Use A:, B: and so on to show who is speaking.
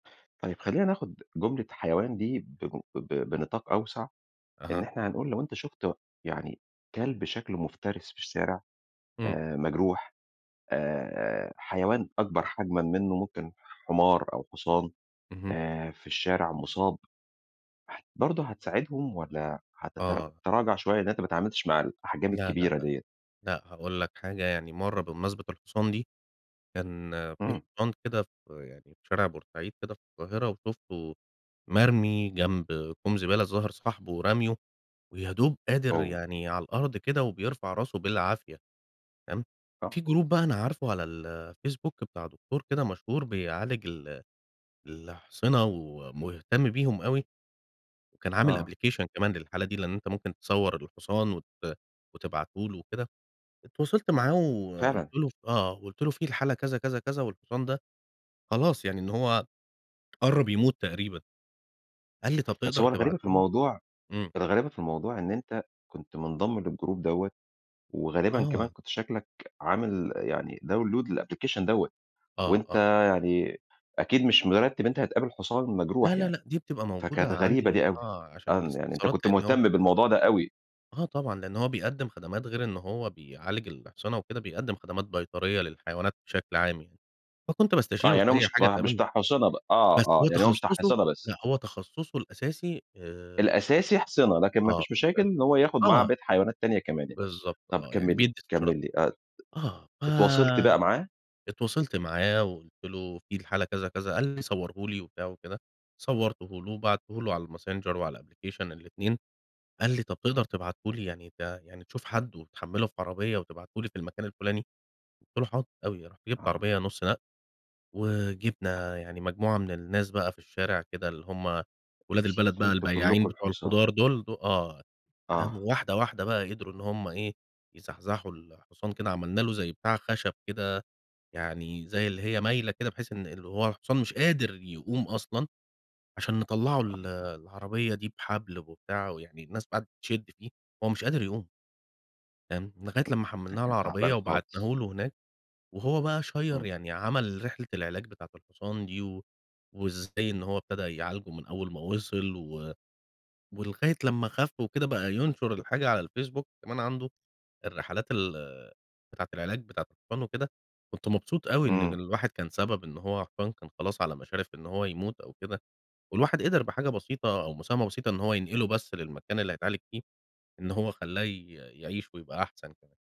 A: طيب، خلينا ناخد جملة حيوان دي بمن ب بنطاق أوسع، إن
B: أها.
A: إحنا هنقول لو أنت شُفت يعني كلب شكلُه مفترِس في الشارع
B: امم.
A: آآ، مجروح، آآ، حيوان أكبر حجمًا منه، ممكن حمار أو حصان،
B: اهم.
A: آآ، في الشارع مُصاب برضه هتساعدهم؟ والَّا
B: آه.
A: هتتراجع شوية إن أنت ما اتعاملتش مع الأحجام
B: لا، لا،
A: الكبيرة
B: لأ،
A: ديَّة؟
B: لأ هاقول لك حاجة، يعني مرّه بمناسبة الحصان دي، كان في
A: اهم.
B: حصان كده ف يعني في شارع بورسعيد كده في القاهرة وشُفته مرمي جنب كوم زبالة، الظاهر صاحبُه راميه، ويا دوب قادر
A: أوه!
B: يعني على الأرض كده وبيرفع راسُه بالعافية، تمام، في
A: آه.
B: جروب بقى أنا عارفُه على الفيسبوك بتاع دكتور كده مشهور بيعالج ال الأحصنة ومهتم بيهم أوي، وكان عامل
A: آه.
B: application كمان للحالة دي، لأن أنت ممكن تصوَّر الحصان وت وتبعتُه لُه وكده، اتواصلت معاه وقُلت
A: فعلًا!
B: له آه قُلت له في الحالة كذا، كذا، كذا والحصان ده، خلاص يعني إن هو قرَّب يموت تقريبًا، قال لي: "طَب
A: بس
B: تقدر
A: هو الغريبة في
B: تبعته لي؟"
A: الموضوع
B: إمم.
A: الغريبة في الموضوع، إن أنت كنت مُنضَّم للجروب دوَّة، وغالبًا كمان
B: آه.
A: كنت شكلك عامل يعني داون لود للapplication دوَّة،
B: آه،
A: وأنت
B: آه.
A: يعني أكيد مش مرتِّب إن أنت هتقابل حُصان
B: لا،
A: مجروح
B: لا،
A: يعني،
B: لأ دي بتبقى
A: فكانت
B: موجودة
A: غريبة
B: عندي،
A: دي أوي،
B: آه عشان
A: آه، إن يعني أنت
B: الاستفسارات
A: كنت
B: لأن هو
A: مُهتَّم بالموضوع ده أوي.
B: آه، طبعًا لأنه هو بيقدِّم خدمات غير إن هو بيعالج الأحصنة وكده، بيقدم خدمات بيطرية للحيوانات بشكل عام، يعني فكنت
A: آه،
B: باستشيرُه
A: يعني هو
B: في أي
A: مش
B: حاجة
A: ما مش
B: تقابلني،
A: بتاع أحصنة بقى، آه،
B: بس
A: آه
B: هو
A: يعني هو مش بتاع
B: تخصُّصه
A: أحصنة بس؟
B: لأ، هو تخصُّصه الأساسي آآ
A: الأساسي أحصنة، لكن ما
B: آه،
A: فيش مشاكل
B: [unintelligible]
A: إن هو ياخد معاه
B: آه.
A: بقيّة حيوانات تانية كمان يعني،
B: بالضبط
A: طَب
B: آه، يعني
A: كمِّل لي،
B: بيدّي استشارات.
A: كمِّل لي، آه، اتواصلت
B: آه،
A: بقى معاه؟
B: فاتواصلت معاه، وقُلت له في الحالة كذا، كذا قال لي: "صوَّرُه لي." وبتاع وكده، صوَّرتُه له، وبعتته له، على الماسنجر وعلى الأبلكيشن، الاتنين، قال لي: "طَب تقدر تبعته لي، يعني ده يعني تشوف حد وتحمِّله في عربية وتبعته لي في المكان الفلاني." قُلت له: "حاضر أوي." رُحت جِبت
A: آه.
B: عربية نُصّ نقل وجِبنا يعني مجموعة من الناس بقى في الشارع كده اللي هم ولاد البلد بقى،
A: شِلتوا
B: البياعين
A: كلكم
B: بتوع
A: الحصان.
B: الخضار دول، دو آه، تمام
A: آه.
B: وواحدة، واحدة بقى قدروا إن هم إيه يزحزحوا الحصان كده، عملنا له زي بتاع خشب كده، يعني زي اللي هي مايلة كده بحيث إن هو الحصان مش قادر يقوم أصلًا عشان نطَّلعُه ال
A: آه.
B: العربية دي بحبل وبتاع، ويعني الناس قعدت تشد فيه، هو مش قادر يقوم. تمام، لغاية
A: امم،
B: لمّا
A: ده
B: حمّلناه على
A: كان
B: العربية
A: تعبان خالص.
B: وبعتناه لُه هناك وهو بقى شير
A: إمم.
B: يعني عمل رحلة العلاج بتاعة الحصان دي و وإزاي إن هو ابتدى يعالجه من أول ما وصل و ولغاية لمّا خَفّ وكده، بقى ينشر الحاجة على الفيسبوك كمان عنده، الرحلات ال بتاعة العلاج بتاعة الحصان وكده، كنت مبسوط أوي إن
A: امم.
B: الواحد كان سبب إن هو حصان كان خلاص على مشارف إن هو يموت أو كده، والواحد قدر بحاجة بسيطة، أو مساهمة بسيطة، إن هو ينقلُه بس للمكان اللي هيتعالج فيه، إن هو خلّاه ي يعيش ويبقى أحسن كمان.